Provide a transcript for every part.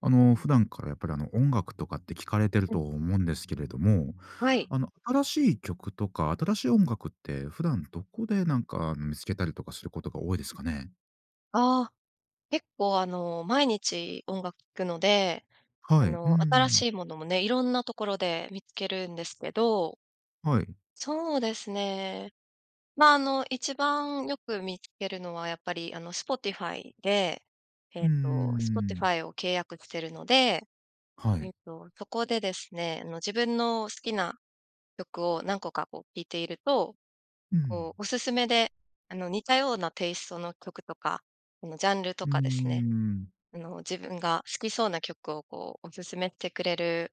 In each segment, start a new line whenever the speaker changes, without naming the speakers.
あの、普段からやっぱりあの音楽とかって聴かれてる
うん。
と思うんですけれども、
はい。
あの新しい曲とか新しい音楽って、普段どこで、なんか、見付けたりとかすることが多いですかね？
ああ。結構あの、毎日音楽聴くので、
は
あ
い。うー
の、新
ん。
しいものもね、色んなところで見付けるんですけど。
はい。
そうですね。まあ、あの、一番よく見付けるのはやっぱりあの、Spotify で、
うー
えっと、
ん。
Spotify を契約してるので、
は
え
い。
っと、そこでですね、あの、自分の好きな曲を何個かこう聴いていると、
うん。
こうお勧めであの、似たようなテイストの曲とか、あの、ジャンルと
うー
かですね、
ん。
あの、自分が好きそうな曲をこうお勧めてくれる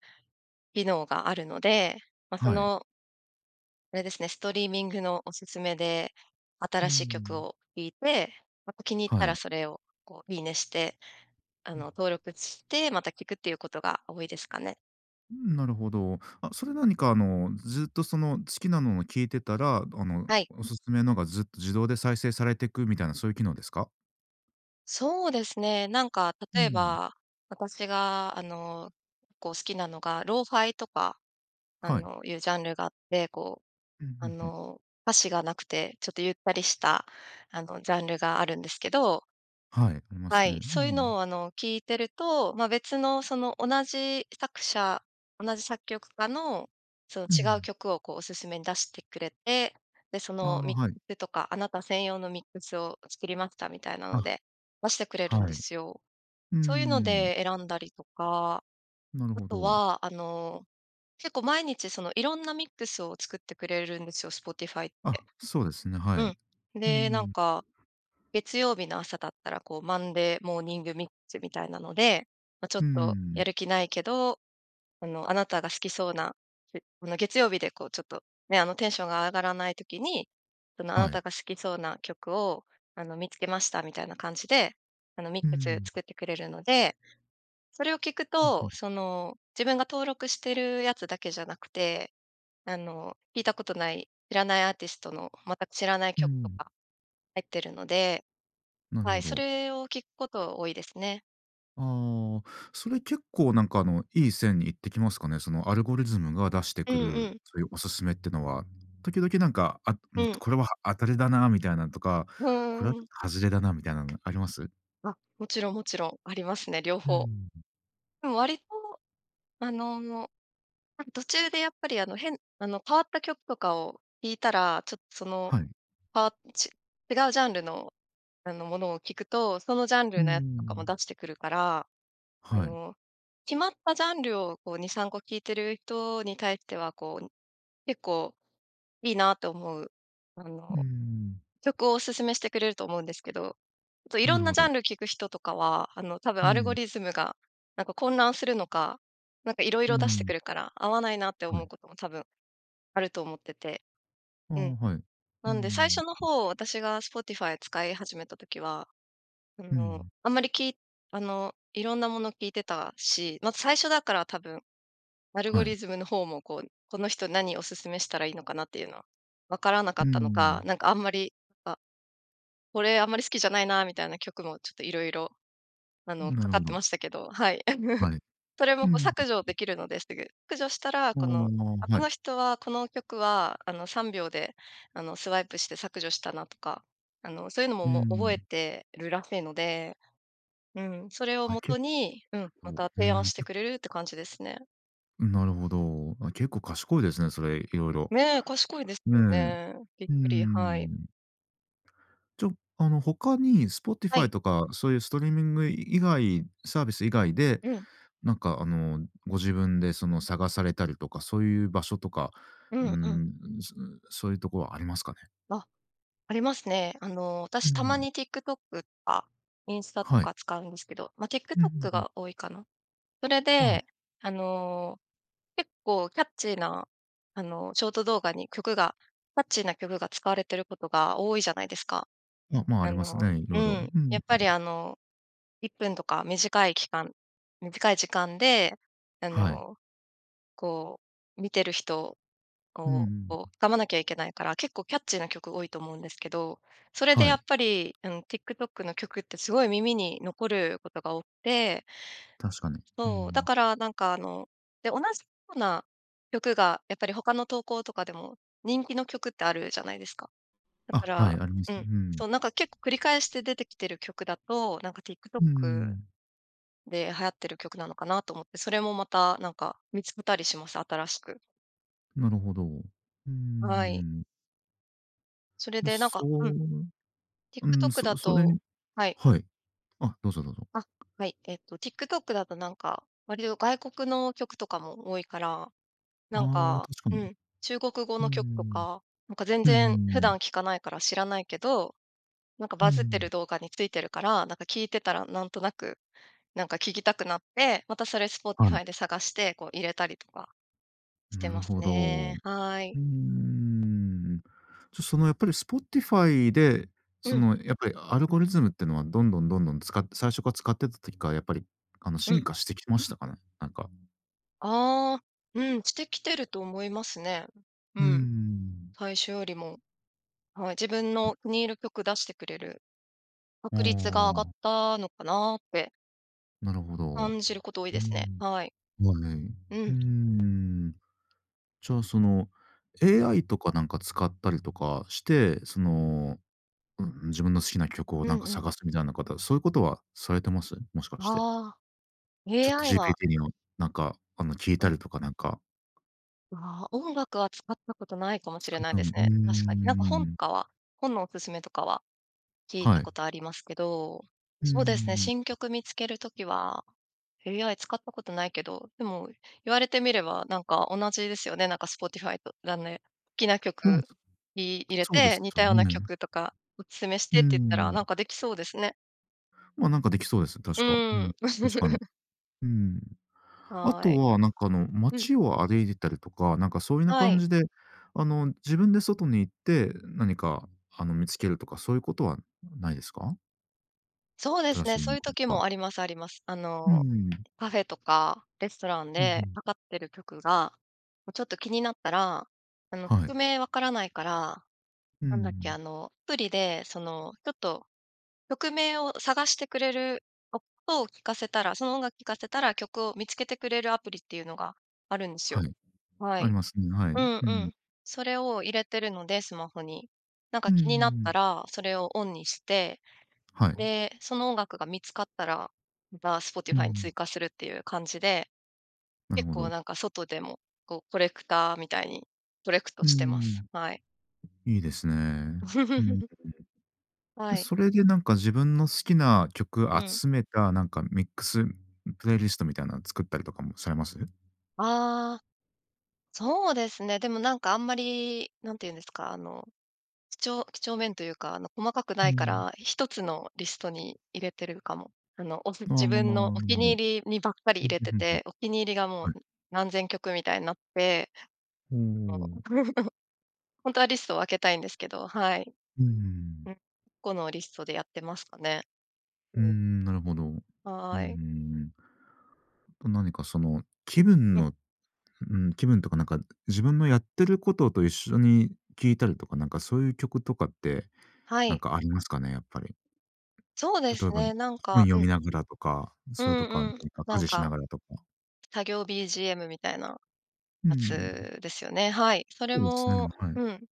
機能があるので、ま、そ
はい。
のあれですね、ストリーミングのお勧めで、
うー
新しい曲
ん。
を聴いて、また気に入った
は
ら
い。
それをこう、いいねして、あ
う
の
ん。
登録して、また聴くっていうことが多いですかね。
うん、なるほど。あ、それ、何か、あの、ずっと、その、好きなのの聞いてたら、あの、
はい。
お勧めのが、ずっと自動で再生されてくみたいな、そういう機能ですか？
そうですね、なんか、
う
例え
ん。
ば、私が、あの、こう、好きなのが、Lo-Fi とか、あ
はい。
の、いうジャンルがあって、こ
うんう
う、あ
んうん。
の、歌詞がなくて、ちょっとゆったりした、あの、ジャンルがあるんですけど。
はい、あります
は
ね。
い、
うー
そういうの
ん。
を、あの、聴いてると、まあ、別の、その、同じ作者同じ作曲家の、その、
う
違う
ん。
曲を、こう、お勧めに出してくれて、で、そ
あ
の
あ、
ミッ
はい。
クとか、あなた専用のミックスを作りました、みたいな
あ。
ので出してくれるんで
はい。う
すよ。
ー
そうゆうの
ん。
で選んだりとか。
なる
あ
ほ
と
ど。
は、あの、結構毎日その、色んなミックスを作ってくれるんですよ、Spotify っ
あ、
て。
そうですね、はい。
う
う
ん。
ー
で、なん
ん。
か、月曜日の朝だったら、こう、マンデーモーニングミックスみたいなので、ま、ちょっ
うー
と
ん。
やる気ないけど、あの、あなたが好きそうな [unintelligible] あの月曜日で、こう、ちょっとね、あの、テンションが上がらない時に、その、あ
は
なた
い。
が好きそうな曲を、あの、見付けました、みたいな感じで、あの、ミッ
う
クス
ん。
作ってくれるので。それを聴く
うんう
と、
ん。
その、自分が登録してるやつだけじゃなくて、あの、聴いたことない、知らないアーティストの、全く知らない
うー
曲と
ん。
か入ってるので、
なる
は
ほ
い、そ
ど。
れを聴くこと多いですね。
あ、それ結構なんかあの、いい線に行ってきますかね。そのアルゴリズムが出して
う
く
んう
る、
ん。
そういうおすすめってのは、時々なんか、あ、う
う
んと、
ん。
「これは、は当たりだな」みたいなんとか、
ふー
「これはちょ
ん。
っと外れだな」みたいなのあります？
あ、もちろんもちろん、ありますね、両
うー
方。
ん。
でも割と、あの、多分、途中でやっぱりあの変あの変わった曲とかを聴いたら、ちょっとその、
はい。
ぱち違うジャンルの、あの、ものを聞くと、そのジャン
う
ルのやつとかも
ん。
出してくるから、あ
はい。
の、決まったジャンルをこう2、3個聴いてるとに対してはこう、結構いいなと思う、あ
うー
の、
ん。
曲をお勧めしてくれると思うんですけど、っと色
なる
んな
ほ
ジャ
ど。
ンル聴く人とかは、あの多分
う
アルゴ
ん。
リズムが、なんか混乱するのか、なんか色
う
々出してく
ん。
るから、合わないなって
は
思う
い。
ことも多分あると思ってて。
あ、
うん。
はい。う
なんで最
ん。
初の方、私が Spotify 使い始めた時は、あ
う
の、
ん。
あんまり、きあの、色んなもの聴いてたし、まず最初だから多分、アルゴ
は
リ
い。
ズムの方も、こう「この人何お勧めしたらいいのかな」っていうのは、わからなか
うー
ったのか、
ん。
なんかあんまり、「あ、これあんまり好きじゃないな」みたいな曲もちょっと色々、あ
う
の、
ん、な
か
る
かっ
ほ
て
ど。
ましたけど、はい。
はい。
それも
うん
こう、
んん。
削除できるのですぐ。削除したら
あ
この「あ、
あ、は
この
い。
人はこの曲はあの3秒で、あのスワイプして削除したな」とか、あのそういうのも、
う
もう覚え
ん。
てるらしいので、うん、それを
あ、
元
結
に、うん、ま
構、
た
う
提案
ん、
して
け
くれるって感じですね。
ん、なるほど。あ、結構賢いですね、それ、いろいろ。
ね、賢いです
ね。
よ
う
ね。びっ
ー
くり、はい。
ん。ちょあの、他に
は
Spotify
い。
とかそういうストリーミングい以外サービス以外で、
うん。
なんかあの、ご自分でその、探されたりとかそういう場所とか、
う
うーん、
ん
う
うん。
ん、その、そういうとこはありますかね？
あ、ありますね。あの、
う
私たま
ん。
に TikTok とかインスタと
はい。
か使うんですけど、ま、
うんうん
TikTok
うん。
が多いかな。それ
はい。
で、あの、結構キャッチーなあの、ショート動画に曲がキャッチーな曲が使われてることが多いじゃないですか。
あ、まあ、あ
あ
ります
の
ね、い
う
ろいろ。
ん、
うん、
やっ
う。
ぱりあの、1分とか短い期間短い時間で、あ
はい。
の、こう、見てる人を
うん
こう
う
こ
ん。
う、掴まなきゃいけないから結構キャッチーな曲多いと思うんですけど、それで
は
やっ
い。
ぱりあの、TikTok の曲ってすごい耳に残ることが多くて
確かに。う
そう、だ
ん。
からなんかあので、同じような曲がやっぱりほかの投稿とかでも、人気の曲ってあるじゃないですか。だか
あ、はい、
ら
ありま
う
す。う
ん。
ん。
そう、なんか結構繰り返して出てきてる曲だと、なんか
うー
「TikTok
ん。
で流行ってる曲なのかな？」と思って、それもまたなんか見つけたりします、新しく。
なるほど。うー
はい。
ん。
それ
で、
でなん
そ
かうん。
ううん、
TikTok
そ
だ
それ
と
に
はい。
はい。あ、どうぞどうぞ。
あ、はい、えっと、TikTok だとなんか、割と外国の曲とかも多いから、なん
あ、
か
確か
う
に。
ん、中国語
う
の曲と
ん。
か、なんか全
うん
然
う
普段
ん。
聞かないから知らないけど、なんか
う
バズって
ん。
る動画についてるから、なんか聞いてたらなんとなく、なんか聞きたくなって、またそれ
はい。
Spotify で探して、こう入れたりとかして
なる
ます
ほど。う
ね。はい。
ーん。じゃ、そのやっぱり Spotify で、そ
うん。
のやっぱりアルゴリズムっていうのはどんどんどんどん使って、最初から使ってた時からやっぱり、あの
う
進
ん。
化してきてましたかね、なんか。
ああ、うん、してきてると思いますね。う
う
ん、
ん。
最初よりも。はい、自分
うん。
の気に入る曲出してくれる
あ
確率が上がっ
あ。
たのかなって
なるほど。
感じること多い
うー
ですね。
ん。
はい。
まあね。
う
うー
ん。
ん。じゃあ、その
うん。
AI とかなんか使ったりとかして、その、うん、自分の好きな曲を
う
なんか
んうん。
探すみたいなことは、そういうことはされてます？もしかして。
ああ、AI は
ChatGPT にもなんかあの、聞い
う
た
ん。
りとかなんか。
あ、音楽は使ったことないかもし
つ
れ
かっ
ない
たん
です
うー
ね、確かに。なんか本と
ん。
かは、本のお勧めとかは聞い
は
た
い。
ことありますけど、
うー
そうですね、
ん。
新曲見つける時は、AI 使ったことないけど、でも言われてみればなんか同じですよね、なんか Spotify と、だんね好きな
うん。
曲に入れ
そうで
て、
す
「似
よ
たような
ね。
曲とかお勧めし
う
て」
ー
って言ったら、なん
ん。
かできそうですね。
まあ、なんかできそうですね、確
う
か。う
ーん。
ん。確かに。うーん。あ
は
と
い。
はなんかあの、
うん。
街を歩いてたりとか、なんかそういな
は
感
い。
じで、あの、自分で外に行って何かあの、見つけるとか、そういうことはないですか？
そうで
新
す
し
ね、
い
そ
音
ういう
楽と
時
か。
もありますあります。あ
う
の、
ーん。
カフェとかレストラン
うんう
で
ん。
かかってる曲が、こうちょっと気になったら、あの
は
曲
い。
名分からないから、
うー
なんだっけ、あ
ん。
の、アプリでその、ちょっと、曲名を探してくれる、音を聞かせたらその音楽聞かせたら曲を見つけてくれるアプリっていうのがあるんです
は
よ。
い。
は
あ
い。
りますね、は
う
い。
ん
う
う
ん。
ん。それを入れてるので、スマホに。なん
う
か
んうん
気になっ
うん。
たらそれをオンにして、
はい。
で、その音楽が見つかったら、また、
うんう
Spotify に追
ん。
加するっていう感じで、
なる
結
ほ
構
ど。
なんか外でも、こうコレクターみたいに、コレクト
うー
してま
ん。
す。
ん。
はい。
いいですね。うんん。
は
で、
い。
それでなんか自分の好きな曲
うん。
集めたなんかミックスプレイリストみたいなの作ったりとかもされます？
ああ。そうですね、でも、なんか、あんまり何ていうんですか、あの、きちょう几帳面というか、あの、細かく
う
ないか
ん。
ら、1つのリストに入れてるかも？あの、おす
あ、ああ、
自
ん、
分のお気
ほ
に
ど
入りにばっかり
ふ
入
ん、
れ
ふふ
て
ふん、
て、お気に入りがもう
はい。
何千曲みたいなって、
ほ
あの、
お。
ほんとはリストを分けたいんですけど、はい。
ううー
う
ん。
ん、このリストでやってますかね。う
う
ん。
ん、なるほど。うんう
はい。
ん。あと何かその気分
うん。
のうん、気分とかなんか、自分のやってることと一緒に聞いたりとか、なんかそういう曲とかって
は
なん
い。
かありますかね？やっぱり。
そうで
例え
す
ば、
ね、なん
本
か
読
うん。
みながらとか、
う
それとかな
んうん、
にか、
な
家
ん
事しな
か
がらとか。
作業 BGM みたいな
うー
や
ん。
つですよね。はい。それ
おおっすね、
も
はい。
うん。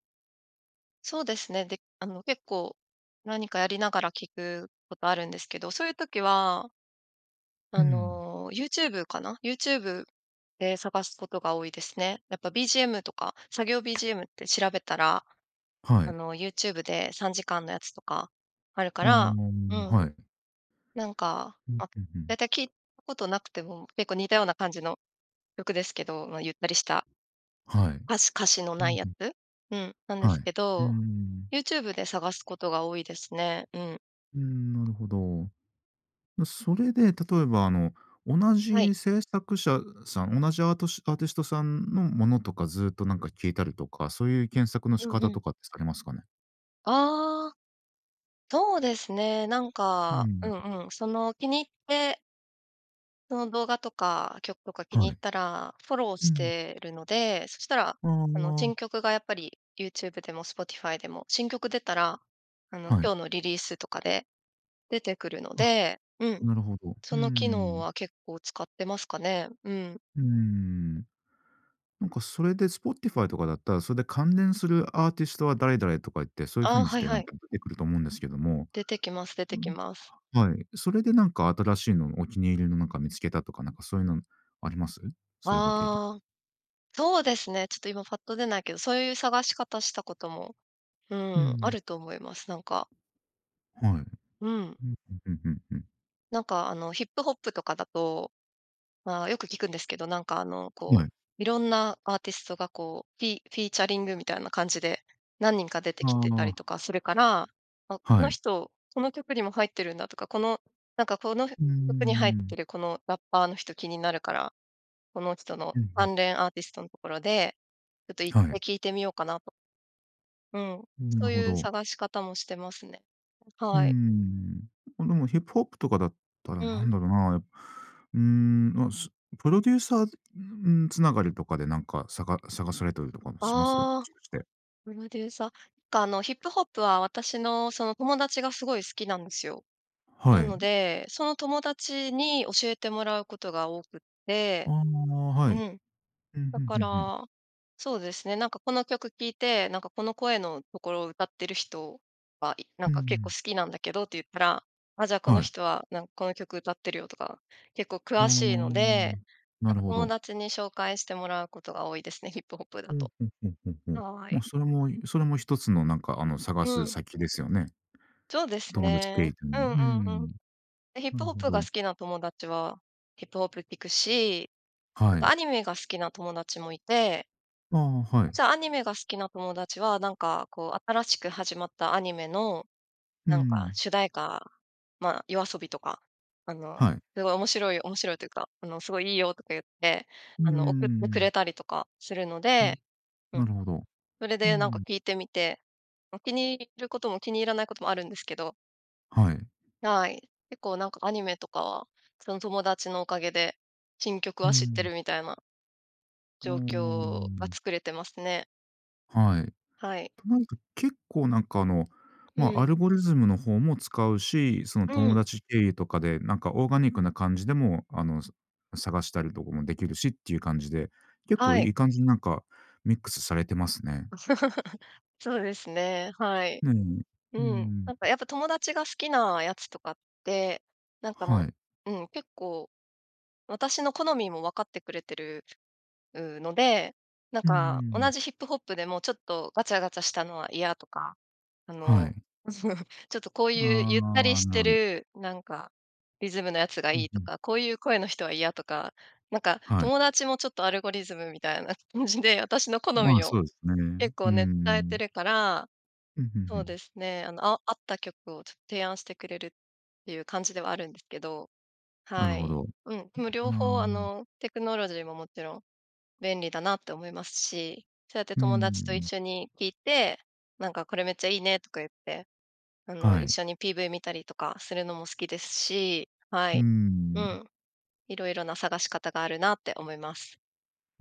そうですね。で、あの、結構、何かやりながら聞くことあるんですけど、そういう時は
う
あ
ん。
の、YouTube かな？YouTube で探すことが多いですね。やっぱ BGM とか、作業 BGM って調べたら、
は
あ
い。
の、YouTube で3時間のやつとかあるか
ああ、
らう
は
ん。
い。
なんか、
うん、
あ、
うう
だい
ん。
たい聞いたことなくても、結構似たような感じの曲ですけど、ま、ゆったりした
はい。
歌詞歌詞の
う
ない
ん
や
うん。
つ？うん、なんで
は
す
い。
け
うー
ど、
ん。
YouTube で探すことが多いですね。うん。
うーん、なるほど。まあ、それで、例えば、あの、同
はい。
じ制作者さん、同じアートシアーティストさんのものとか、ずっと、なんか聴いたりとか、そういう検索の
う
仕
んう
方
ん。
とかってされますかね？
ああ。そうですね、なん
う
か、う
ん。
んうん、その、気に入ってその動画とか、曲とか気に
は
入っ
い。
たらフォロー
う
し
ん。
てるので、そしたら、
あ
あの、新
あ。
曲がやっぱり YouTube でも Spotify でも、新曲出たら、あの、
は
今
い。
日のリリースとかで、出てくるの
あ、
で、うん、
なるほど、
そ
う
の機能
ん。
は結構使ってますかね。うん。
うーん。なんかそれで Spotify とかだったら、それで関連するアーティストは誰々、とか言って、そういう風
ああ、
にし
はい
て、な
は
ん
い。
か出てくると思うんですけども。
出てきます出
う
てき
ん。
ます。
はい。それで、なんか、新しいの、お気に入りの、なんか見つけたとか、なんか、そうゆうのあります？そうゆう、ご経験。
ああ、そうですね、ちょっと今パッと出ないけど、そういう探し方したことも、う
う
ん、あ
ん。
ると思います、なんか。
はい。う
うん。
んうんうんうんうん。
なんかあのヒップホップとかだと、まあ、よく聞くんですけど、なんかあの
は
こ
い。
う、色んなアーティストがこう、フィフィーチャリングみたいな感じで、何人か出てきてたり
あ
とかするから、あ、
あ。
こ
は
の
い。
人、この曲にも入ってるんだとか、この、なんかこの
うー
曲に入って
ん。
るこのラッパーの人、気になるから、この人の
うんうん。
関連アーティストのところで、ちょっと一
は
回
い。
聴いてみようかなと。うん、
ん、な
そ
る
う
ほ
いう
ど。
探し方もしてますね。
う
はい。
ん、ま、でもヒップホップとかだったら
う
な
ん。
んだろうな、うーん、ま、すプロデューサーうーん、繋がりとかでなんかさが探されたりとかもします？も
あ、
しかして。
プロデューサ、かあのヒップホップは私の、その友達がすごい好きなんですよ。
は
なの
い。
で、その友達に教えてもらうことが多くって、
あ、
う
はい。
ん。
ふん
だ
ふんふ
か
んふん。
ら、そうですね、なんかこの曲聴いて、なんかこの声のところを歌ってる人はいな
う
んか結構
ん。
好きなんだけどって言ったら、あ、じゃあこの
はい。
人は、なんこの曲歌ってるよとか、結構
ああ、
詳しいので、
な
なん
る
か
ほ
友
ど。
達に紹介してもらうことが多いですね、ヒップホップだ
ふん
と。
ふんふんふんふん。
はい。
ま、それもいそれも一つのなんかあの探
う
す
ん。
先ですよね。
そうです
友達ペ
ね。
イで
う
も、
ん
う
うんうん。
ん。
で、ヒッ
な
プ
る
ホッ
ほ
プが好
ど。
きな友達は、ヒップホップ聴くし、な
は
んか
い。
アニメが好きな友達もいて
あ、はい。
じゃアニメが好きな友達は、なんかこう新しく始まったアニメの、
うー
なんか
ん。
主題歌、まあ、YOASOBI とか、あの、
はい。
すごい面白い面白いというか、あのすごいいいよとか言って、
うー
あの送ってく
ん。
れたりとかするの
うん、
で、う
な
ん。
るほど。
それ
うー
でなんか
ん。
聴いてみて、ま、気に入ることも気に入らないこともあるんですけど。
はい。
はい、結構なんかアニメとかは、その友達のおかげで新曲
う
は知って
ん。
るみたいな
うー
状況が
ん。
作れてますね。
はい。
はい。
なんか、結構なんか、あの、
う
まあ、ア
ん。
ルゴリズムの方も使うし、その、
う
友
ん。
達経由とかでなんかオーガニックな感じでも、あの、さ探したりとかもできるしっていう感じで、結構
は
い
い。
い感じになんかミックスされてますね。
そうですね、はい。
うん。
う
うー
ん。なんか、
ん。
やっぱ友達が好きなやつとかって、なんか
は
も
い。
ううん、結構、私の好みも分かってくれてる、う、ので、なん
うー
か同
ん。
じヒップホップでも、ちょっとガチャガチャしたのは嫌とか、あ
は
の、
い。
その、ちょっとこういうゆったり
ああ、
して
なる
る、なんか、リズムのやつが
う
い
ん、
い
ふ
と
ん。
か、こういう声の人は嫌とか。なんか
はい。
友達もちょっとアルゴリズムみたいな、むじで、私の好
ま
み
あ、そ
を
うですね。
結
うー
構ね、伝えて
ん。
るから、
うん、ふんふ
そうで
ん。
すね、あの、ああった曲をちょっ、提案してくれるっていう感じではあるんですけど、
なる
は
ほ
い、
ど。は
うん、む両方あ
あ。
の、テクノロジーももちろん便利だなって思いますし、そうやって
うんう
友
ん
達と
う
一
ん。
緒に聞いて「なんか、これめっちゃいいね」とか言って、あの、
は
一
い。
緒に PV 見たりとかするのも好きですし、は
うー
い、う
ん。
ん。色々な探し方があるなって思います。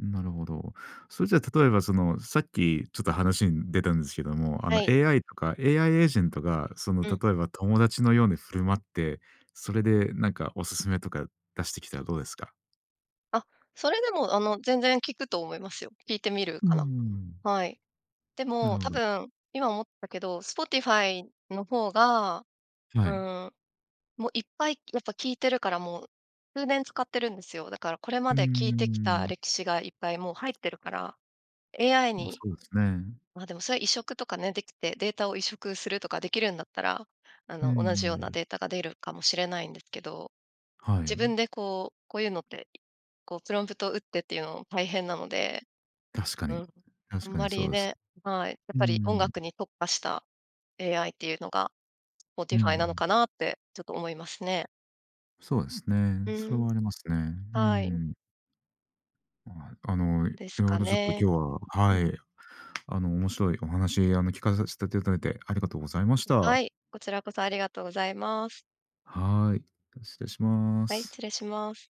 ん、なるほど。それじゃ例えばその、さっきちょっと話に出たんですけども、あ
は
の
い。
AI とか AI エージェントがその
うん。
例えば友達のように振る舞って、それでなんかおすすめとか出してきたらどうですか？
あ、それでもあの、全然聞くと思いますよ。聞いてみるか
う
な。
ん。
はい。で
なる
も、
ほ
多
ど。
分、今思ったけど、Spotify の方が、
は
う
い。
ーん、も、いっぱい、やっぱ聞いてるからもう、数年使ってるんですよ。だからこれ
う
ま
ー
で聞いてきた
ん。
歴史がいっぱいもう入ってるから、AI
ま、そ
に
うですね。
ま、でもそれは移植とかね、できてデータを移植するとかできるんだったら、あ
う
の、同じような
ん。
データが出るかもしれないんですけど、
は
自
い。
分でこう、こういうのって、こうプロンプト打ってっていうのも大変なので。
確か
う
に、
ん、
確
あん
か
ま
にそ
り
うです。
ねはい。やっ
う
ぱり音
ん。
楽に特化した AI っていうのが
う
Spotify なの
ん。
かなってちょっと思いますね。
そうですね。
う
それ
ん。
はありますね。う
はい。
ん。ああ、あの、い
です
ろい
か
ろちょっと
ね。
今日は、
う
は
ん。
い、あの、面白いお話、あの、聞かさしたていただいてありがとうございまし
は
た。
い、こちらこそありがとうございます。
はい、だ、失礼しま
はい。
す。
失礼します。